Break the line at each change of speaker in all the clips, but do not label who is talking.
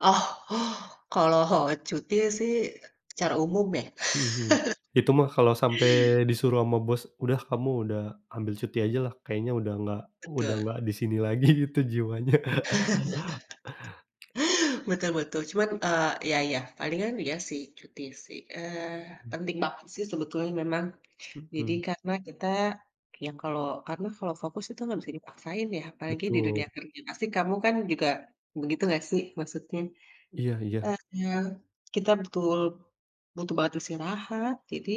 Oh. Kalau cuti, sih, secara umum, ya.
Mhm mhm. Itu mah kalo sampe disuruh sama bos, udah kamu udah ambil cuti ajalah. Kayaknya udah nggak, udah
Betul.
nggak di sini lagi gitu jiwanya.
Betul betul. Cuman, eee, iya iya. Palingan iya, sih, cuti, sih. Eee,
Mhm.
penting banget, sih, sebetulnya memang. Jadi
Mhm.
karena kita yang kalau karena kalau fokus itu nggak bisa dipaksain, ya, apalagi di dunia
Betul.
kerja, pasti kamu, kan, juga, begitu nggak, sih, maksudnya.
Iya iya.
Eee, kita betul butuh banget istirahat. Jadi,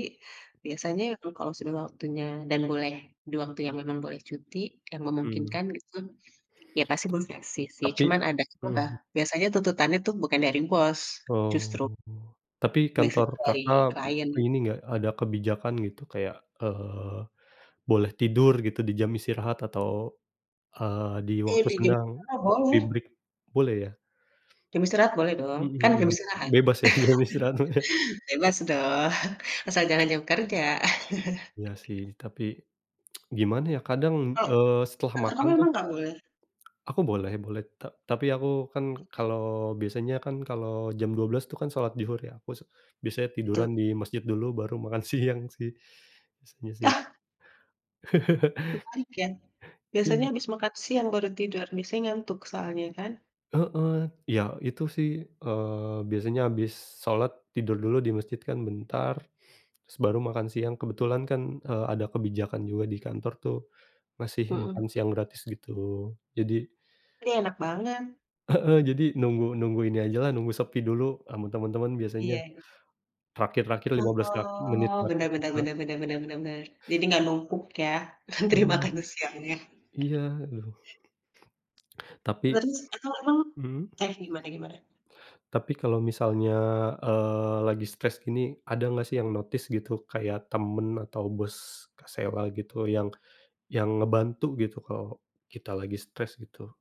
biasanya eng kalau sudah waktunya dan boleh, di waktu yang memang boleh cuti yang
Mmm.
memungkinkan gitu, ya, pasti bos ngasih, sih.
Tapi
Cuman ada aja lah,
mhm.
biasanya tuntutannya, tuh, bukan dari bos,
Oh.
justru
Tapi
biasanya
kantor
dari
Kakak em
klien.
ini nggak, ada kebijakan gitu kayak, eee, boleh tidur gitu di jam istirahat atau, eee, di
Iya
waktu
di jam
senggang,
istirahat
kopi
boleh.
break, boleh, ya?
Jam istirahat boleh dong.
Mmm,
Kan, jam
mhm.
istirahat.
Bebas, ya, di jam istirahat mah ya.
Bebas dong. asal jangan jam kerja.
Iya, sih. Tapi, gimana, ya, kadang,
Kalo,
eee, setelah
kantor
makan,
kamu
tuh
memang nggak boleh?
aku boleh boleh. Ta tapi aku, kan,
Oke.
kalo biasanya, kan, kalo jam 12:00, tuh, kan, salat zuhur, ya, aku se biasanya tiduran
Betul.
di masjid dulu baru makan siang, sih, biasanya, sih.
Yah. Terbalik, ya. Biasanya
Iya.
habis makan siang baru tidur. Biasanya ngantuk soalnya kan.
Heeh. Iya itu, sih, eee, biasanya habis salat, tidur dulu di masjid kan bentar, terus baru makan siang kebetulan kan, eee, ada kebijakan juga di kantor, tuh, ngasih
Mhm.
makan siang gratis gitu. Jadi
Ih enak banget.
Heeh, jadi, nunggu nunggu ini ajalah nunggu sepi dulu, sama temen-temen biasanya.
Iya iya.
Terakhir, terakhir lima
Wag
belas terak menit
oh,
terakhir
benar benar
kita.
benar benar benar benar benar. Jadi nggak numpuk, ya, antri
Iya.
makan siangnya.
Iya, loh. Tapi
Terus atau emang
mhm.
eh, gimana gimana?
Tapi kalo misalnya, eee, lagi stres gini, ada nggak, sih, yang notice gitu kayak temen atau bos Kak Sela gitu yang yang ngebantu gitu kalo kita lagi stres gitu?